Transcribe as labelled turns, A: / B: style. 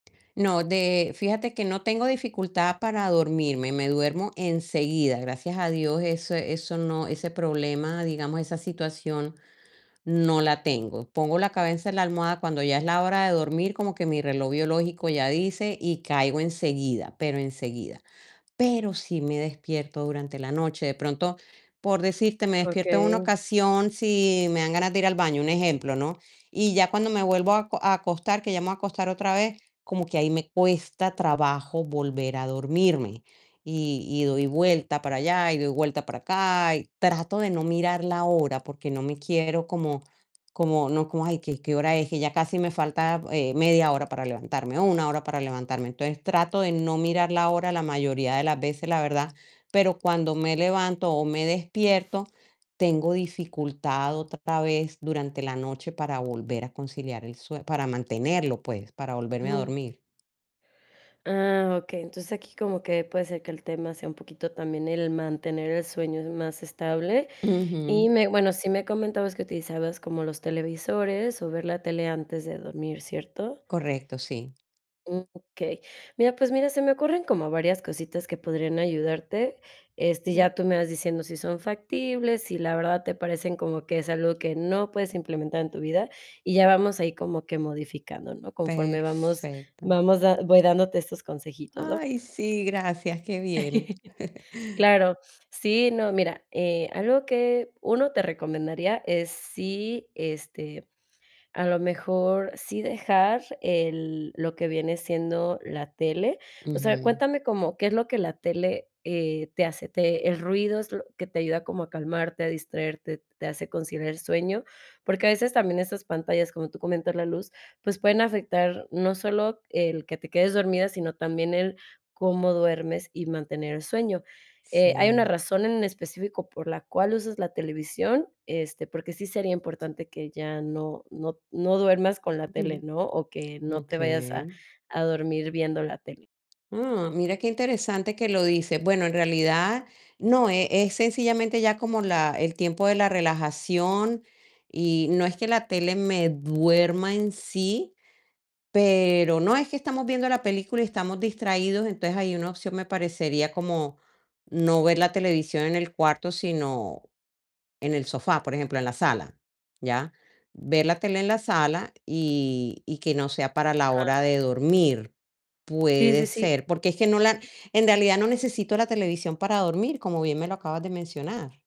A: No, de fíjate que no tengo dificultad para dormirme, me duermo enseguida, gracias a Dios, eso eso no ese problema, digamos, esa situación no la tengo, pongo la cabeza en la almohada cuando ya es la hora de dormir, como que mi reloj biológico ya dice y, caigo enseguida, pero enseguida. Pero, sí me despierto durante la noche, de pronto, por decirte, me despierto en una
B: Okey.
A: ocasión si me dan ganas de ir al baño, un ejemplo, ¿no?, y ya cuando me vuelvo a aco a acostar, que ya me voy a acostar otra vez, como que ahí me cuesta trabajo volver a dormirme y y, doy vuelta para allá y doy vuelta para acá y, trato de no mirar la hora porque no me quiero como como no como: "Ay, ¿que qué hora es? Que ya casi me falta, eh, media hora para levantarme o 1 hora para levantarme", entonces, trato de no mirar la hora la mayoría de las veces, la verdad, pero cuando me levanto o me despierto, tengo dificultad, otra vez, durante la noche para volver a conciliar el sue para mantenerlo, pues, para volverme a
B: Ujú.
A: dormir.
B: Ah, okey, entonces, aquí como que puede ser que el tema sea un poquito también el mantener el sueño más estable.
A: Ujú.
B: Y me bueno, sí me comentabas que utilizabas como los televisores o ver la tele antes de dormir, ¿cierto?
A: Correcto, sí.
B: Okey. Mira, pues mira, se me ocurren como varias cositas que podrían ayudarte, este,
A: [unintelligible]
B: ya tú me vas diciendo si son factibles, si la verdad te parecen como que es algo que no puedes implementar en tu vida y, ya vamos ahí como que modificando, ¿no?, conforme vamos
A: Perfecto.
B: vamos da voy dándote estos consejitos, ¿no?
A: Ay, sí, gracias, qué bien.
B: Claro, sí, no, mira, eh, algo que 1, te recomendaría es si, este, a lo mejor, sí dejar el lo que viene siendo la tele. O sea,
A: Ujú.
B: cuéntame como qué es lo que la tele, eh, te hace, te ¿el ruido es lo que te ayuda como a calmarte, a distraerte, te hace conciliar el sueño?, porque a veces también esas pantallas, como tú comentas, la luz, pues pueden afectar no solo el que te quedes dormida, sino también el cómo duermes y mantener el sueño. Eh, ¿hay una
A: Sí.
B: razón en específico por la cual usas la televisión?, este, porque sí sería importante que ya no no t no duermas con la tele,
A: Ujú.
B: ¿no?, o que no te vayas a
A: Okey.
B: a dormir viendo la tele.
A: Mm, mira qué interesante que lo dices, bueno, en realidad no, eh, es sencillamente ya como la el tiempo de la relajación y, no es que la tele me duerma en sí, pero, no es que estamos viendo la película y, estamos distraídos, entonces, ahí una opción me parecería como no ver la televisión en el cuarto, sino en el sofá, por ejemplo, en la sala, ¿ya?, ver la tele en la sala y y, que no sea para la hora de
B: [unintelligible]
A: dormir.
B: Sí, sí,
A: Puede
B: sí
A: ser, porque es que no la en realidad, no necesito la televisión para dormir, como bien me lo acabas de mencionar.